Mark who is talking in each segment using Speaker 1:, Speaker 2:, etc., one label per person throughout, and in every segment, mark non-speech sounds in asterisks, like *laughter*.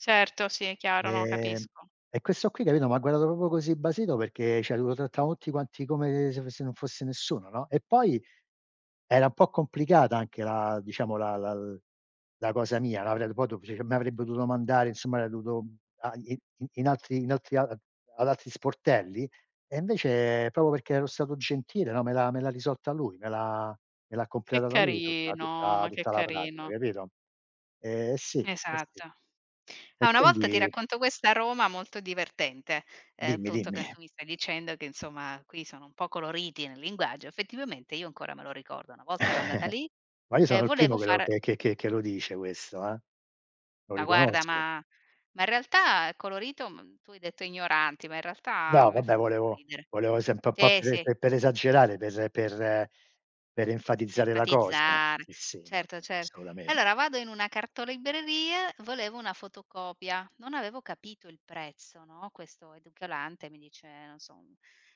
Speaker 1: Certo, sì, è chiaro, no,
Speaker 2: Ehm,
Speaker 1: capisco.
Speaker 2: e questo qui, capito, m'ha guardato proprio così basito perché cioè lo trattavano tutti quanti come se fo se non fosse nessuno, no? E poi era un po' complicata anche la diciamo, la la la cosa mia. *unintelligible* m' avrebbe dovuto mandare insomma *unintelligible* dovuto i in altri in altri ad altri sportelli e, invece, proprio perché ero stato gentile, no, me l'ha me l'ha risolta lui. Me l'ha me l'ha
Speaker 1: Che
Speaker 2: completata lui tutta
Speaker 1: carino,
Speaker 2: tutta
Speaker 1: ma che
Speaker 2: tutta la pratica
Speaker 1: carino.
Speaker 2: capito? Eh sì, eh sì.
Speaker 1: Esatto. Ah,
Speaker 2: E
Speaker 1: una volta ti
Speaker 2: quindi
Speaker 1: racconto questo a Roma molto divertente: ehm,
Speaker 2: Dimmi,
Speaker 1: appunto, che
Speaker 2: dimmi.
Speaker 1: tu mi stai dicendo che, insomma, qui sono un po' coloriti nel linguaggio, effettivamente io ancora me lo ricordo. Una volta ero andata
Speaker 2: *chuckles*
Speaker 1: lì
Speaker 2: Ma io sono
Speaker 1: e
Speaker 2: il
Speaker 1: volevo
Speaker 2: primo che lo
Speaker 1: far
Speaker 2: che che che lo dice questo, eh. Lo
Speaker 1: Ma, guarda,
Speaker 2: riconosco.
Speaker 1: ma ma, in realtà, è colorito, mhmm, tu hai detto ignoranti, ma, in realtà, a
Speaker 2: No,
Speaker 1: me fa
Speaker 2: vabbè
Speaker 1: molto
Speaker 2: volevo
Speaker 1: ridere.
Speaker 2: volevo sempre un po'
Speaker 1: Sì, sì.
Speaker 2: per per esagerare, per per per enfatizzare la cosa.
Speaker 1: Enfatizzare,
Speaker 2: Sì, sì, no,
Speaker 1: certo,
Speaker 2: no,
Speaker 1: cer
Speaker 2: assolutamente.
Speaker 1: allora, vado in una cartolibreria, volevo una fotocopia, non avevo capito il prezzo, no? Questo edicolante mi dice, non so,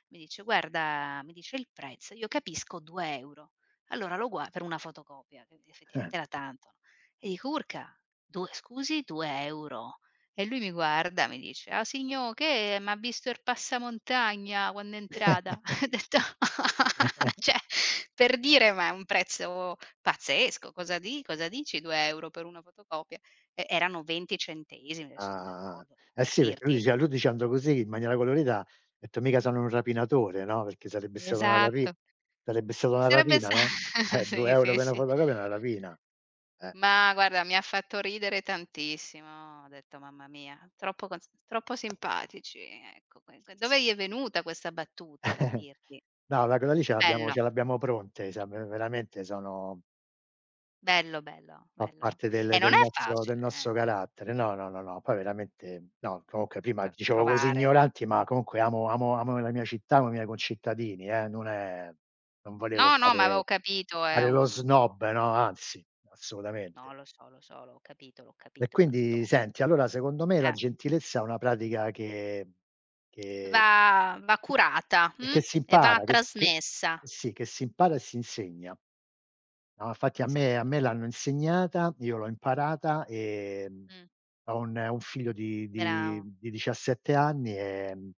Speaker 1: mi dice: "Guarda" mi dice il prezzo, io capisco 2€. Allora lo guar per una fotocopia, che
Speaker 2: Eh, eh.
Speaker 1: effettivamente era tanto, no? E dico "Urca, 2 scusi, 2€?" E lui mi guarda e mi dice "A signo', che m'ha visto er passamontagna quanno è entrata?"
Speaker 2: *laughs*
Speaker 1: Ho detto,
Speaker 2: *laughs*
Speaker 1: cioè per dire, ma è un prezzo pazzesco: "Cosa di cosa dici, 2 € per una fotocopia?" E erano 20 centesimi
Speaker 2: Ah,
Speaker 1: adesso non
Speaker 2: ah, ah.
Speaker 1: ricordo,
Speaker 2: Eh
Speaker 1: per
Speaker 2: sì perché lui
Speaker 1: dirti.
Speaker 2: diceva lui dicendo così in maniera colorita, ha detto: "Mica sono un rapinatore." No, perché sarebbe stata una rapi
Speaker 1: Esatto.
Speaker 2: sarebbe stata una
Speaker 1: Sarebbe
Speaker 2: rapina,
Speaker 1: sta
Speaker 2: no, eh 2
Speaker 1: sì,
Speaker 2: euro
Speaker 1: sì,
Speaker 2: per una
Speaker 1: sì.
Speaker 2: fotocopia è una rapina. Eh.
Speaker 1: Ma, guarda, mi ha fatto ridere tantissimo. Ho detto mamma mia, troppo cos troppo simpatici ecco, *unintelligible* dove gli è
Speaker 2: *unintelligible*
Speaker 1: venuta questa battuta per
Speaker 2: *chuckles*
Speaker 1: dirti?
Speaker 2: No ma quella lì, ce l'abbiamo
Speaker 1: Bello.
Speaker 2: ce l'abbiamo pronte, siam veramente sono
Speaker 1: Bello, bello,
Speaker 2: Fa
Speaker 1: bello.
Speaker 2: parte del
Speaker 1: E non
Speaker 2: del
Speaker 1: è
Speaker 2: nostro del
Speaker 1: facile, eh
Speaker 2: nostro carattere. No, no, no, poi veramente no. Comunque prima
Speaker 1: t
Speaker 2: dicevo così
Speaker 1: trovare
Speaker 2: ignoranti, ma comunque amo amo amo la mia città, amo i miei concittadini, eh, non è non volevo
Speaker 1: No, no, ma avevo
Speaker 2: fare
Speaker 1: capito, è
Speaker 2: fare lo
Speaker 1: un
Speaker 2: snob, no, anzi, assolutamente.
Speaker 1: No, lo so, lo so, l'ho capito, l'ho
Speaker 2: E
Speaker 1: capito dal
Speaker 2: quindi,
Speaker 1: tono.
Speaker 2: senti, allora secondo me la
Speaker 1: Eh.
Speaker 2: gentilezza è una pratica che che
Speaker 1: Va va curata,
Speaker 2: e
Speaker 1: mhmm,
Speaker 2: che si
Speaker 1: e va
Speaker 2: impara, che s che
Speaker 1: trasmessa.
Speaker 2: sì, che si impara e si insegna. No, infatti, a me a
Speaker 1: Esatto.
Speaker 2: me l'hanno insegnata, io l'ho imparata. Ehm,
Speaker 1: Mh.
Speaker 2: ho un un figlio di di
Speaker 1: Bravo.
Speaker 2: di 17 anni, ehm